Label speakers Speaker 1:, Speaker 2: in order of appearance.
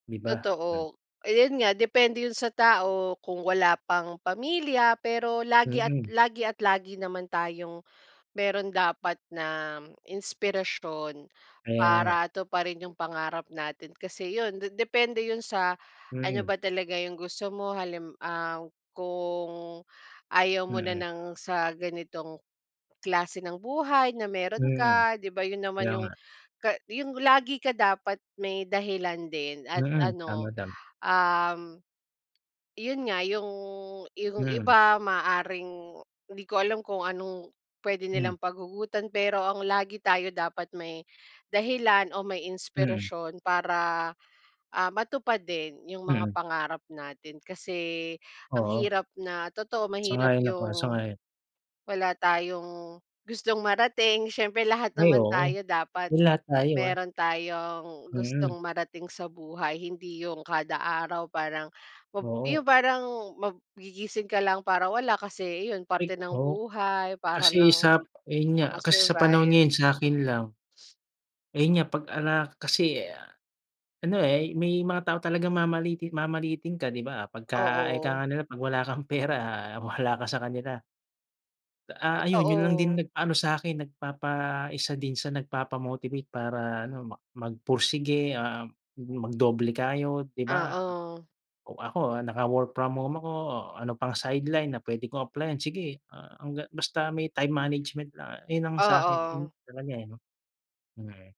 Speaker 1: Di ba? Ay.
Speaker 2: Totoo, eh, yun nga depende yun sa tao, kung wala pang pamilya, pero lagi at
Speaker 1: Mm.
Speaker 2: lagi at lagi naman tayong meron dapat na, inspirasyon,
Speaker 1: Kaya nga.
Speaker 2: para tuparin yung pangarap natin. Kasi yun, de depende yun sa, ano
Speaker 1: Mm.
Speaker 2: ba talaga yung gusto mo. Halim ah, kung ayaw mo na
Speaker 1: Mm.
Speaker 2: ng sa ganitong klase ng buhay, na meron
Speaker 1: Mhm,
Speaker 2: ka, 'di ba yun naman
Speaker 1: kaya
Speaker 2: yung
Speaker 1: nga.
Speaker 2: ka yung lagi ka dapat may dahilan din, at
Speaker 1: Mhm,
Speaker 2: ano,
Speaker 1: tama, tam
Speaker 2: um, yun nga, yung yung
Speaker 1: Mhm.
Speaker 2: iba maaaring hindi ko alam, kung anong pwede
Speaker 1: Hmm.
Speaker 2: nilang paghugutan pero ang lagi tayo dapat may, dahilan o may
Speaker 1: Mm.
Speaker 2: inspirasyon para, ah, matupad din yung mga
Speaker 1: Mm.
Speaker 2: pangarap natin. Kasi ang
Speaker 1: Oo.
Speaker 2: hirap na totoo mahirap
Speaker 1: Sang-ayon ako,
Speaker 2: yung
Speaker 1: sang-ayon.
Speaker 2: wala tayong gustong marating, siyempre lahat
Speaker 1: Ay
Speaker 2: naman
Speaker 1: oo.
Speaker 2: tayo dapat
Speaker 1: Uy, lahat tayo, ah.
Speaker 2: meron tayong
Speaker 1: Mhm.
Speaker 2: gustong marating sa buhay. Hindi yung kada araw parang mab
Speaker 1: Oo.
Speaker 2: yung parang mag gigising ka lang para wala, kasi iyon,
Speaker 1: Ay
Speaker 2: parte ng
Speaker 1: oo.
Speaker 2: buhay, para
Speaker 1: Kasi
Speaker 2: lang
Speaker 1: sa ayun nga, kasi sa panahon
Speaker 2: maka-survive.
Speaker 1: ngayon sakin lang ayun nga, pag-ala kasi ano eh, may mga tao talagang mamaliitin mamaliitin ka, 'di ba. Pagka, ika
Speaker 2: Oo.
Speaker 1: nga nila, "Pag wala kang pera, wala ka sa kanila." Ah, ayun, yun lang din
Speaker 2: Totoo.
Speaker 1: nag ano sa'kin, nagpapa isa din sa nagpapa-motivate para ano, mak magpursige, um, mag-doble kayod, 'di ba.
Speaker 2: Oo.
Speaker 1: Ako ah, naka-work from home ako, o ano pang-sideline na pwede kong applyan, sige hangga't basta may time management lang. Ayun ang sa'kin din
Speaker 2: Oo.
Speaker 1: talaga eh, 'no. Hmm.